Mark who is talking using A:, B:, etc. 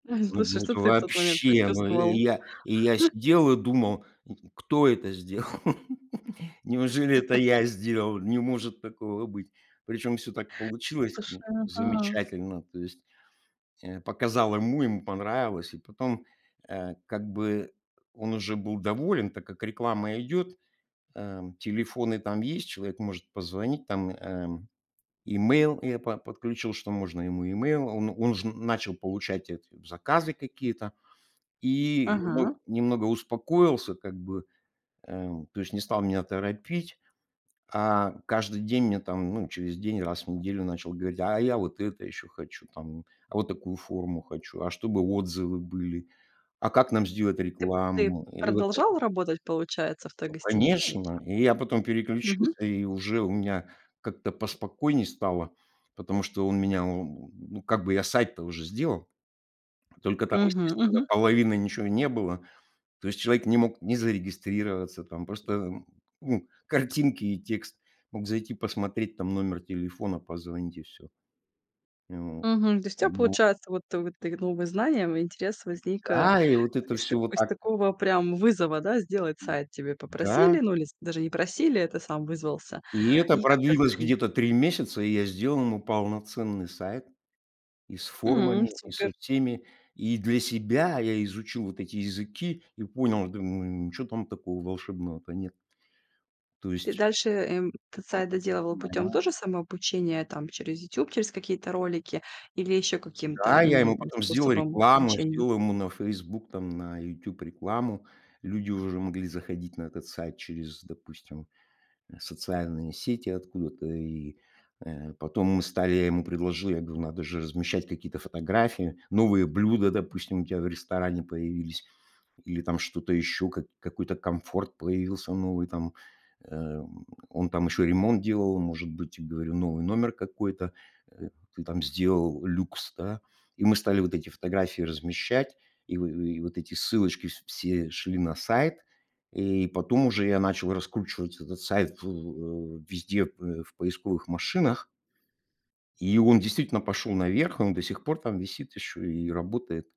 A: Ой,
B: Слушай,
A: ну
B: что
A: это
B: ты в тот момент
A: вообще! Ну, и
B: почувствовал?
A: й я, и я сидел и думал: "Ну, кто это сделал? Неужели это я сделал? Не может такого быть". Причём всё так
B: В
A: получилось, ну,
B: душе, ага.
A: замечательно. То есть, э, показал ему, ему понравилось. И потом, э, как бы он уже был доволен, так как реклама идёт, эм. Телефоны там есть, человек может позвонить, там, эм, email я по подключил, что можно ему email. А он он уже начал получать эти заказы какие-то. И немо
B: Ага.
A: немного успокоился как бы, э, то есть не стал меня торопить. А каждый день мне там, ну, через день, раз в неделю начал говорить: "А я вот это ещё хочу, там, а вот такую форму хочу. А чтобы отзывы были. А как нам сделать
B: Ты п ты
A: рекламу?". И вот эт
B: продолжал работать, получается, в той
A: Ну
B: гостинице
A: конечно.
B: ещё?
A: И я потом
B: Мгм.
A: переключился, и уже у меня как-то поспокойней стало. Потому что он меня, ну, ну как бы я сайт-то уже сделал. Только там,
B: Мгм.
A: естественно,
B: Мгм.
A: половины ничего не было. То есть человек не мог ни зарегистрироваться, там, просто, ну, картинки и текст. Мог зайти, посмотреть, там, номер телефона, позвонить и всё. Ну
B: Мгм. То есть у тя
A: вот. [unintelligible]
B: получается, вот ты вот ты г новым и знаниям, и интерес возник, э,
A: Да, и вот это
B: из
A: всё
B: тако
A: вот
B: из
A: так
B: такого прям вызова, да, сделать сайт тебя
A: Да.
B: попросили. Ну, или с даже не просили, а ты сам вызвался.
A: И это
B: И как-то
A: продлилось
B: таким
A: где-то 3 месяца, и я сделал ему полноценный сайт. И с
B: М,
A: формами, и со
B: супер.
A: всеми. И для себя я изучил вот эти языки и понял, думаю: "Ничего там такого волшебного-то нет". То
B: Ты
A: есть
B: дальше, эм, тот сайт доделывал путём
A: нормаль
B: тоже самообучения, там, через YouTube, через какие-то ролики? Или ещё каким-то,
A: Да, я ему
B: м,
A: потом сделал
B: способом
A: рекламу,
B: обучения?
A: сделал ему на Facebook, там, на YouTube рекламу. Люди уже могли заходить на этот сайт через, допустим, э, социальные сети откуда-то. И, э, потом мы стали я ему предложил, я говорю: "Надо же размещать какие-то фотографии. Новые блюда, допустим, у тебя в ресторане появились или там что-то ещё, как какой-то комфорт появился новый там". Э, он там ещё ремонт делал. Он, может быть, я говорю, новый номер какой-то, э, ты там сделал люкс, да. И мы стали вот эти фотографии размещать. И в и вот эти ссылочки вс все шли на сайт. И потом уже я начал раскручивать этот сайт, ф в э, везде в поисковых машинах и он действительно пошёл наверх. Он до сих пор там висит ещё и работает.